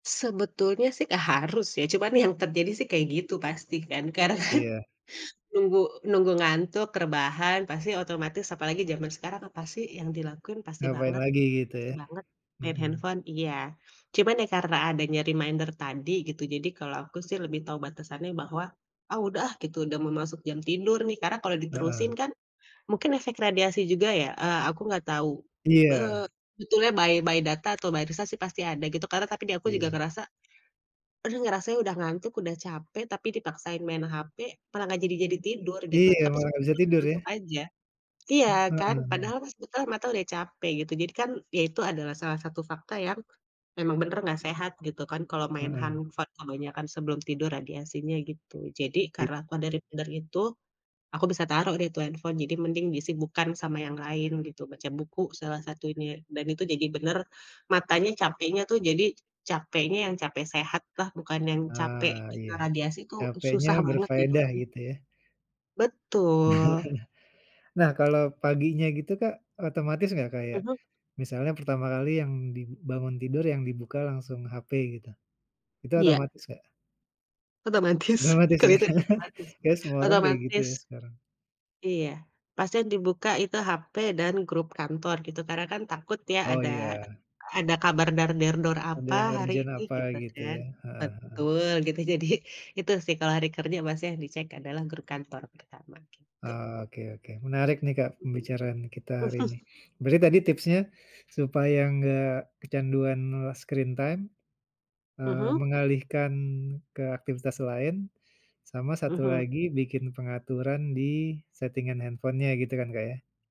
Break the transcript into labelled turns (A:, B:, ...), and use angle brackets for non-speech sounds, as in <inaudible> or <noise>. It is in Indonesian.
A: Sebetulnya sih gak harus ya, cuman yang terjadi sih kayak gitu pasti kan, karena kan
B: Iya.
A: nunggu nunggu ngantuk, rebahan pasti otomatis apalagi zaman sekarang, apa sih yang dilakukan pasti
B: Ngapain
A: banget
B: lagi gitu
A: pasti
B: ya?
A: banget main
B: Mhm.
A: handphone, iya. Cuman ya karena adanya reminder tadi gitu jadi kalau aku sih lebih tahu batasannya bahwa, ah udah ah gitu udah mau masuk jam tidur nih, karena kalau diterusin
B: Heeh.
A: kan mungkin efek radiasi juga ya, eee, aku nggak tahu, e
B: Iya.
A: sebetulnya by by data atau by riset pasti ada gitu, karena tapi di aku juga
B: Iya.
A: ngerasa, aduh ngerasa udah ngantuk, udah capek, tapi dipaksain main HP, malah nggak jadi jadi tidur gitu.
B: Iya,
A: Tapi
B: emang
A: sempat
B: gak bisa tidur ya.
A: ngantuk aja, iya
B: Heeh
A: kan,
B: Heeh.
A: padahal pas kita mata udah capek gitu jadi kan ya itu adalah salah satu fakta yang memang benar gak sehat gitu kan, kalau main
B: Heeh.
A: handphone kebanyakan sebelum tidur radiasinya, gitu. Jadi,
B: Iya.
A: karena apa dari dari tidur itu, aku bisa taruh deh tuh handphone, jadi mending disibukan sama yang lain gitu, baca buku salah satunya dan itu jadi bener matanya capeknya tuh jadi capeknya yang capek sehatlah, bukan yang capek
B: Ah,
A: kena
B: iya.
A: radiasi tuh
B: Capeknya
A: susah banget
B: berfaedah
A: tidurnya.
B: gitu ya?
A: Betul.
B: <chuckles> Nah kalau paginya gitu Kak, otomatis enggak kayak
A: Mhm.
B: misalnya pertama kali yang di bangun tidur yang dibuka langsung HP gitu, itu
A: Iya.
B: otomatis, Kak?
A: Otomatis,
B: Otomatis ya,
A: kelihatan otomatis,
B: kayaknya semua orang kayak gitu ya
A: otomatis.
B: sekarang.
A: Iya. Pasti yang dibuka itu HP dan grup kantor gitu, karena kan takut ya
B: Oh
A: ada
B: iya.
A: ada kabar dar der dor
B: Ada
A: apa
B: yang
A: hari
B: urgent
A: ini
B: apa
A: gitu
B: gitu
A: kan.
B: ya. Heeh, heeh.
A: Betul, gitu jadi itu sih kalau hari kerja pasti yang dicek adalah grup kantor pertama, gitu.
B: Oke oke, menarik nih Kak
A: Mhm.
B: pembicaraan kita hari ini.
A: <chuckles>
B: Berarti tadi tipsnya, supaya enggak kecanduan e screen time, eee,
A: Mhm.
B: mengalihkan ke aktivitas lain, sama satu
A: Mhm.
B: lagi bikin pengaturan di setingan handphone-nya gitu kan, Kak, ya?